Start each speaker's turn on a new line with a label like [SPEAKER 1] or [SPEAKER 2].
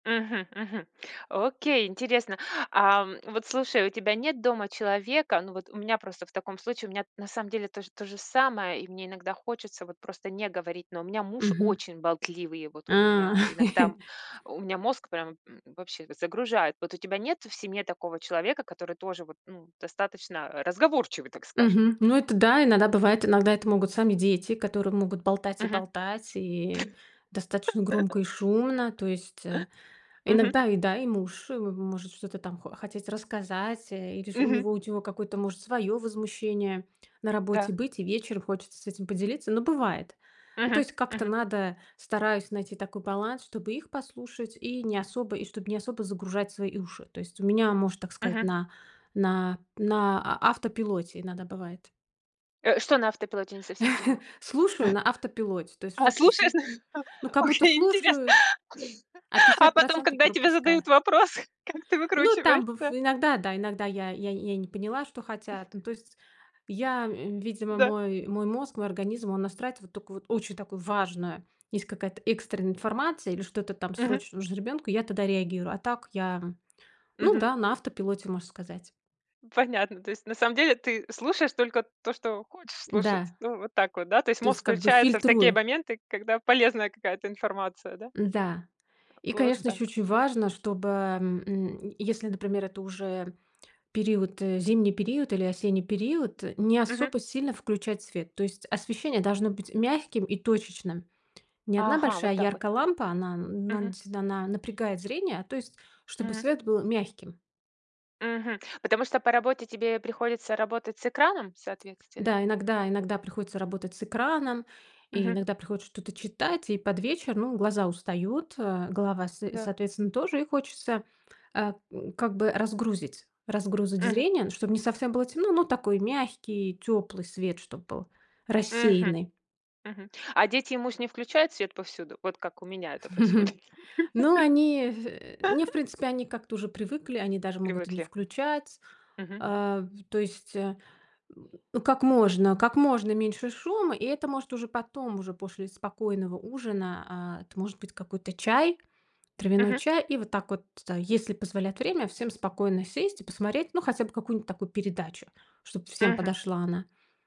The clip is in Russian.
[SPEAKER 1] Мгм мгм. Окей, интересно. А, вот слушай, у тебя нет дома человека Ну, вот у меня просто в таком случае, у меня на самом деле тож тоже самое, и мне иногда хочется вот просто не говорить, но у меня муж
[SPEAKER 2] Мгм.
[SPEAKER 1] очень болтливый, вот он
[SPEAKER 2] А.
[SPEAKER 1] меня иногда, у меня мозг прям, м, вообще загружает. Вот у тебя нет в семье такого человека, который тоже вот, ну, достаточно разговорчивый, так скажем?
[SPEAKER 2] Мгм. Ну, это да, иногда бывает, иногда это могут сами дети, которые могут болтать и
[SPEAKER 1] Мгм.
[SPEAKER 2] болтать, и достаточно громко и шумно. То есть, э,
[SPEAKER 1] Мгм.
[SPEAKER 2] иногда и, да, и муж, э, может что-то там хо хотеть рассказать, э, или ж у
[SPEAKER 1] Мгм.
[SPEAKER 2] него ут его какое-то может своё возмущение на работе
[SPEAKER 1] Да.
[SPEAKER 2] быть, и вечер хочется с этим поделиться. Ну бывает. Ну то
[SPEAKER 1] Мгм.
[SPEAKER 2] есть как-то
[SPEAKER 1] Мгм.
[SPEAKER 2] надо, стараюсь найти такой баланс, чтобы их послушать и не особо и чтоб не особо загружать свои уши. То есть у меня, можно так сказать,
[SPEAKER 1] Мгм.
[SPEAKER 2] на на на а автопилоте иногда бывает.
[SPEAKER 1] Э, что на автопилоте, я не совсем поняла?
[SPEAKER 2] Слушаю на автопилоте, то есть
[SPEAKER 1] А
[SPEAKER 2] что-то
[SPEAKER 1] cлушаешь?
[SPEAKER 2] сл ну, как будто
[SPEAKER 1] Окей, интересно.
[SPEAKER 2] слушаю, а
[SPEAKER 1] А
[SPEAKER 2] пятьдесят
[SPEAKER 1] потом,
[SPEAKER 2] процентов
[SPEAKER 1] когда тебе
[SPEAKER 2] пропускаю.
[SPEAKER 1] задают вопрос, как ты
[SPEAKER 2] Ну, там быв
[SPEAKER 1] выкручиваешься?
[SPEAKER 2] иногда, да, иногда я я я не поняла, что
[SPEAKER 1] М.
[SPEAKER 2] хотят. Ну, то есть я, э, видимо
[SPEAKER 1] Да.
[SPEAKER 2] мой мой мозг, мой организм, он настраивает вот такую вот очень такую важную, есть какая-то экстренная информация или что-то там
[SPEAKER 1] Мгм.
[SPEAKER 2] срочно нужно ребенку, я тогда реагирую. А так я, ну
[SPEAKER 1] Мгм.
[SPEAKER 2] да, на автопилоте, можно сказать.
[SPEAKER 1] Понятно. То есть, на самом деле, ты слушаешь только то, что хочешь слушать.
[SPEAKER 2] Да.
[SPEAKER 1] Вот так вот, да? То есть
[SPEAKER 2] То есть
[SPEAKER 1] мозг
[SPEAKER 2] как бы
[SPEAKER 1] включается в такие
[SPEAKER 2] фильтрую.
[SPEAKER 1] моменты, когда полезная какая-то информация, да? Э,
[SPEAKER 2] Да. И,
[SPEAKER 1] вот
[SPEAKER 2] конечно,
[SPEAKER 1] так.
[SPEAKER 2] ещё очень
[SPEAKER 1] Мгм.
[SPEAKER 2] важно, чтобы, м, если, например, это уже период- э, зимний период или осенний период,- не
[SPEAKER 1] Мгм.
[SPEAKER 2] особо сильно включать свет. То есть освещение должно быть мягким и точечным. Не 1
[SPEAKER 1] Ага,
[SPEAKER 2] большая
[SPEAKER 1] вот так вот.
[SPEAKER 2] яркая
[SPEAKER 1] Хм.
[SPEAKER 2] лампа- она на
[SPEAKER 1] Мгм.
[SPEAKER 2] действительно она напрягает зрение,- то есть чтобы
[SPEAKER 1] Мгм.
[SPEAKER 2] свет был мягким.
[SPEAKER 1] Мгм. Потому что по работе тебе приходится работать с экраном, соответственно?
[SPEAKER 2] Да, иногда иногда приходится работать с экраном и
[SPEAKER 1] Мгм.
[SPEAKER 2] иногда приходится что-то читать, и под вечер, ну, глаза устают, э, голова с
[SPEAKER 1] Да.
[SPEAKER 2] соответственно тоже, и хочется, э, как бы разгрузить разгрузить
[SPEAKER 1] Мгм.
[SPEAKER 2] зрение, чтоб не совсем было темно, но такой мягкий тёплый свет, чтоб был
[SPEAKER 1] Мгм.
[SPEAKER 2] рассеянный.
[SPEAKER 1] Мгм, а дети и муж не включают свет повсюду? Вот как у меня это происходит.
[SPEAKER 2] Но они в не в принципе они как-то уже привыкли, они даже могут и не
[SPEAKER 1] Привыкли.
[SPEAKER 2] включать.
[SPEAKER 1] Мгм.
[SPEAKER 2] Э, в то есть, э, как можно как можно меньше шума, и это, может, уже потом, уже после спокойного ужина, а, это может быть какой-то чай, травяной
[SPEAKER 1] Мгм.
[SPEAKER 2] чай. И вот так вот, если позволяет время, всем спокойно сесть и посмотреть, ну, хотя бы какую-нибудь такую передачу, чтоб всем
[SPEAKER 1] Мгм.
[SPEAKER 2] подошла она.